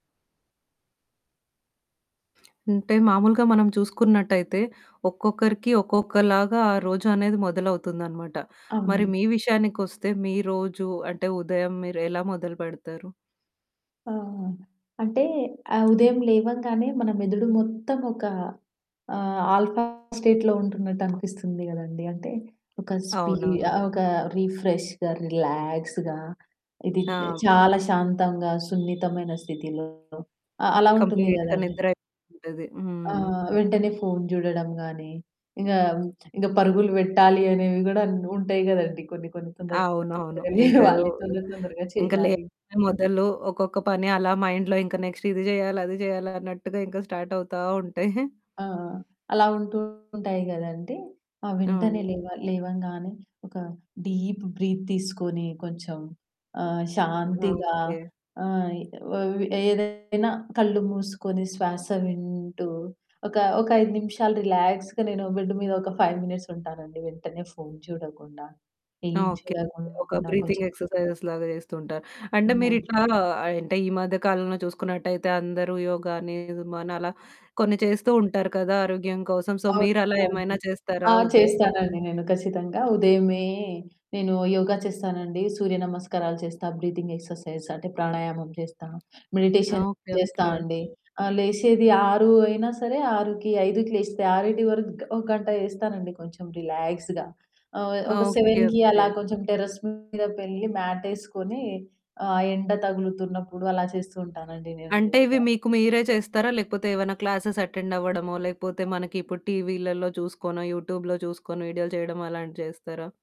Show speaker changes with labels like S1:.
S1: అంటే మాములుగా మనం చూసుకున్నట్టయితే ఒక్కొక్కరికి ఒక్కొక్కలాగా ఆ రోజు అనేది మొదలవుతుందన్నమాట. మరి
S2: అవునండి.
S1: మీ విషయానికొస్తే మీ రోజు అంటే ఉదయం మీరు ఎలా మొదలు పెడతారు?
S2: ఆ! అంటే ఆహ్, ఉదయం లేవంగానే మన మెదడు మొత్తం ఒక ఆహ్, ఆల్ఫా స్టేట్‌లో ఉంటున్నట్టనిపిస్తుంది గదండీ! అంటే ఒక స్పీడ్
S1: అవునవును.
S2: ఆహ్. ఒక రిఫ్రెష్‌గా, రిలాక్స్‌గా ఇది
S1: ఆ!
S2: చాలా శాంతంగా సున్నితమైన స్థితిలో అ అలా ఉంటుంది
S1: కంప్లీట్‌గా
S2: గదండీ!
S1: నిద్రయిపోతుంటది.
S2: ఆ!
S1: హ్మ్.
S2: వెంటనే ఫోన్ జూడడం గాని ఇంగా ఇంగ పరుగులు పెట్టాలి అనేవి గూడా ఉంటాయి గదండీ! కొన్ని కొన్ని తొందర
S1: అవునవును.
S2: తొందరగ
S1: ఇంక వు
S2: లేవాలి తొందర తొందరగా
S1: ఇంక
S2: చేయాలి.
S1: లేచిందే మొదలు ఒక్కొక్క పని అలా మైండ్‌‌లో ఇంక నెక్స్ట్ ఇది జేయాలి అది జేయాలన్నట్టుగా ఇంకా స్టార్ట్ అవుతా ఉంటాయి.
S2: ఆ! అలా ఉంటూ ఉంటాయి గదండీ! ఆహ్, వెంటనే
S1: అవును.
S2: లేవ లేవంగానే ఒక డీప్ బ్రీత్ తీసుకొని కొంచెం ఆహ్, శాంతిగా
S1: ఓకే.
S2: ఆయ్ వ్ ఏదైనా కళ్ళు మూసుకొని శ్వాస వింటూ ఒక, ఒక 5 నిమిషాలు రిలాక్స్‌గా నేను బెడ్ మీద ఒక 5 మినిట్స్ ఉంటానండి వెంటనే ఫోన్ చూడకుండా. ఏం
S1: ఓకే. ఒక
S2: చూడకుండా
S1: బ్రీతింగ్
S2: కొంచెం
S1: ఎక్సర్సైజ్‌లాగా జేస్తుంటారు. అంటే
S2: [unintelligible]
S1: మీరిట్లా అంటే ఈ మధ్య కాలంలో చూసుకున్నట్టయితే అందరూ యోగ అని మనలా కొన్ని చేస్తూ ఉంటారు కదా! ఆరోగ్యం కోసం. సో మీరు అలా
S2: అవునండి.
S1: ఏమైనా చేస్తారా?
S2: ఆ!
S1: ఉదయ
S2: చేస్తానండి నేను ఖచ్చితంగా. ఉదయమే నేను యోగా చేస్తానండి. సూర్యనమస్కారాలు చేస్తా. బ్రీతింగ్ ఎక్సర్సైజ్ అంటే ప్రాణాయామం జేస్తా. Meditation
S1: okay.
S2: జేస్తా
S1: ఓకే.
S2: అండి. ఆహ్, లేశేది 6 అయినా సరే 6కి, 5కి లేస్తే 6కి వరకు ఒక గంట జేస్తానండి కొంచెం రిలాక్స్‌గా ఆహ్, ఒక
S1: ఓకే.
S2: 7కి అలా
S1: ఓకే.
S2: కొంచెం టెర్రస్ మీదకి వెళ్ళి మ్యాట్ ఎసుకొని ఆ ఎండ తగులుతున్నప్పుడు అలా చేస్తూ ఉంటానండి నేను
S1: అంటే ఇవి
S2: యోగ.
S1: మీకు మీరే చేస్తారా? లేకపోతే ఏవన్నా క్లాసెస్ అటెండ్ అవ్వడమో లేకపోతే మనకిప్పుడు టీవీలల్లో చూసుకోనో యూట్యూబ్‌లో చూసుకొని వీడియోలు చేయడమో అలాంటివి చేస్తారా?